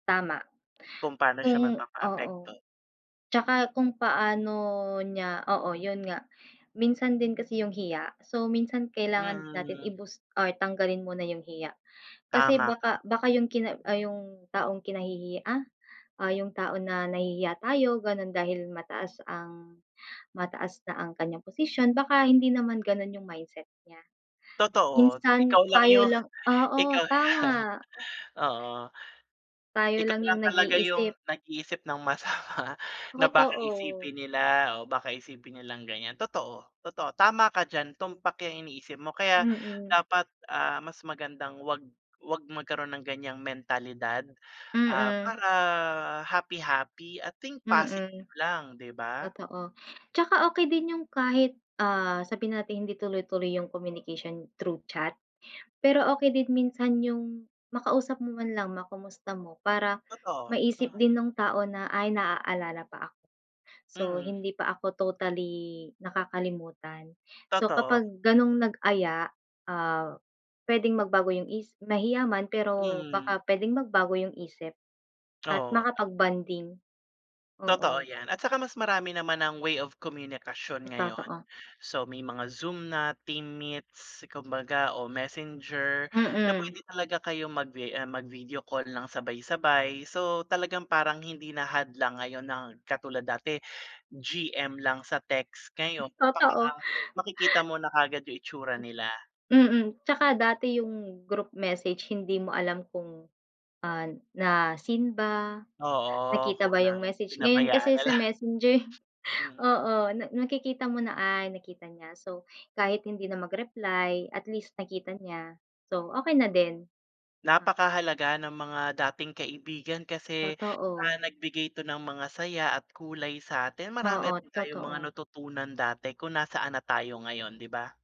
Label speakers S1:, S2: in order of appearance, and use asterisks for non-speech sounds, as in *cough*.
S1: Tama.
S2: Kung pa'no siya
S1: Kung oo.
S2: magpapaapekto.
S1: 'Tsaka kung paano niya, oo 'yun nga, minsan din kasi yung hiya so minsan kailangan natin
S2: Mm.
S1: i-boost or tanggalin muna yung hiya, kasi
S2: Tama ka.
S1: baka baka yung kina ay yung, taong kinahihiya, ah o yung tao na nahihiya tayo gano'n dahil mataas ang mataas na ang kanyang posisyon baka hindi naman gano'n yung mindset niya.
S2: Totoo,
S1: Minsan
S2: ikaw lang
S1: tayo
S2: yung,
S1: lang oo,
S2: ikaw
S1: tama.
S2: *chuckles* oo.
S1: Tayo
S2: Ikaw
S1: lang
S2: lang
S1: yung
S2: talaga yung
S1: nag-iisip.
S2: nag-iisip ng masama na baka
S1: Totoo.
S2: isipin nila o baka isipin nilang ganyan. Totoo, totoo tama ka diyan. Tumpak yung iniisip mo kaya
S1: Mm.
S2: dapat, ah, mas magandang 'wag, 'wag magkaroon ng ganyang mentalidad, ah,
S1: Mm.
S2: para happy-happy at think
S1: Mm.
S2: positive lang 'di ba?
S1: Totoo, 'tsaka okey din yung kahit, ah, sabihin nating hindi tuloy-tuloy yung communication through chat, pero okey din minsan yung, makausap mo man lang, ma-kumusta mo para
S2: Totoo,
S1: maisip
S2: hmm.
S1: din nung tao na, "Ay, naaalala pa ako so
S2: Mm.
S1: hindi pa ako totally nakakalimutan." So
S2: Totoo.
S1: kapag ganong nag-aya, ah, puwedeng magbago yung isi mahiya man pero
S2: Mm.
S1: baka puwedeng magbago yung isip at
S2: Oo.
S1: makapag-bonding.
S2: Totoo
S1: Oo.
S2: yan at saka mas marami naman ng way of komunikasyon
S1: M
S2: ngayon.
S1: totoo.
S2: So may mga Zoom na, Team Meets kumbaga o Messenger na
S1: Mm.
S2: puwede talaga kayong mag-vi ah, mag-video call nang sabay-sabay. So talagang parang hindi na hadlang ngayon na katulad dati GM lang sa text.
S1: *chuckles*
S2: Ngayon
S1: Totoo.
S2: kumbaga makikita mo na kaagad yung itsura
S1: M
S2: nila.
S1: Mm, 'tsaka dati yung group message hindi mo alam kung, ah, na-seen ba,
S2: Oo 'ko
S1: nakita ba yung
S2: ng
S1: message, ngayon
S2: pinabayaan
S1: kasi
S2: na
S1: sa
S2: lang.
S1: Messenger
S2: Mm.
S1: oo, na nakikita mo na. "Ay, nakita niya." So kahit hindi na mag-reply, at least, nakita niya. So okey na din. Ah
S2: Napakahalaga ng mga dating kaibigan kasi, ah,
S1: Totoo.
S2: nagbigay 'to ng mga saya at kulay sa'tin. Marami
S1: Oo,
S2: rin tayong mga
S1: totoo.
S2: natutunan dati kung nasaan na tayo ngayon 'di ba?